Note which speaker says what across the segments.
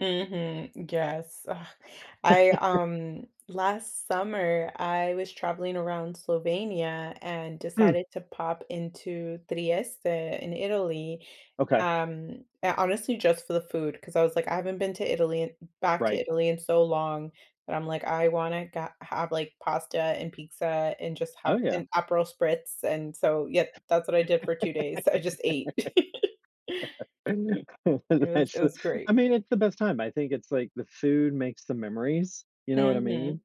Speaker 1: Mhm, yes, ugh, I, um, last summer, I was traveling around Slovenia and
Speaker 2: Hmm.
Speaker 1: decided to pop into Trieste in Italy,
Speaker 2: Okay.
Speaker 1: um, uh, honestly, just for the food, 'cause I was like, "I haven't been to Italy in back to
Speaker 2: Right.
Speaker 1: Italy in so long," but I'm like, "I wanna ga have, like, pasta and pizza and just
Speaker 2: Oh,
Speaker 1: have
Speaker 2: yeah.
Speaker 1: an Aperol Spritz," and so yep. That's what I did for 2 days, I just ate. It was
Speaker 2: That's
Speaker 1: it
Speaker 2: so
Speaker 1: was great.
Speaker 2: I mean, it's the best time. I think it's, like, the food makes the memories. You know what I mean?
Speaker 1: Mhm.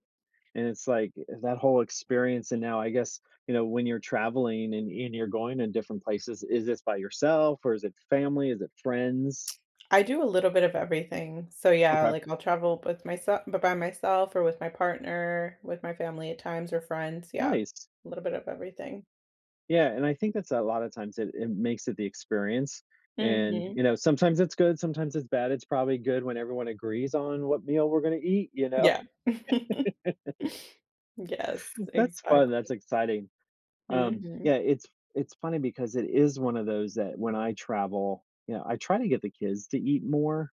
Speaker 2: And it's like, uh, that whole experience and now I guess, you know, when you're traveling and and you're going to different places, is this by yourself or is it with family? Is it friends?
Speaker 1: I do a little bit of everything. So, yeah,
Speaker 2: Okay.
Speaker 1: like, I'll travel with myself b by myself or with my partner, with my family at times or friends, yeah,
Speaker 2: Nice.
Speaker 1: a little bit of everything.
Speaker 2: Yeah, and I think that's a lotta times it it makes it the experience and,
Speaker 1: Mhm.
Speaker 2: you know, sometimes it's good, sometimes it's bad. It's probably good when everyone agrees on what meal we're gonna eat, you know?
Speaker 1: Yeah. Yes,
Speaker 2: That's fun, that's
Speaker 1: exactly.
Speaker 2: exciting, um,
Speaker 1: Mhm.
Speaker 2: yeah. It's it's funny because it is one of those that, when I travel, you know, I try to get the kids to eat more,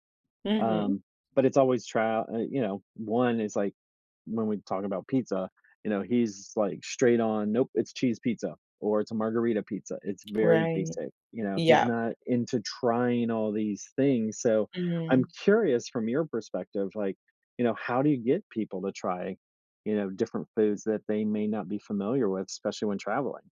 Speaker 1: Mhm.
Speaker 2: um, but it's always trial eh you know, 1 is like, when we talk about pizza, you know, he's, like, straight on, nope, it's cheese pizza, or it's a margarita pizza. It's very
Speaker 1: Right,
Speaker 2: basic, you know, he's
Speaker 1: yeah.
Speaker 2: not into trying all these things. So, I'm
Speaker 1: Mm.
Speaker 2: curious from your perspective, like, you know, how do you get people to try, you know, different foods that they may not be familiar with, especially when traveling?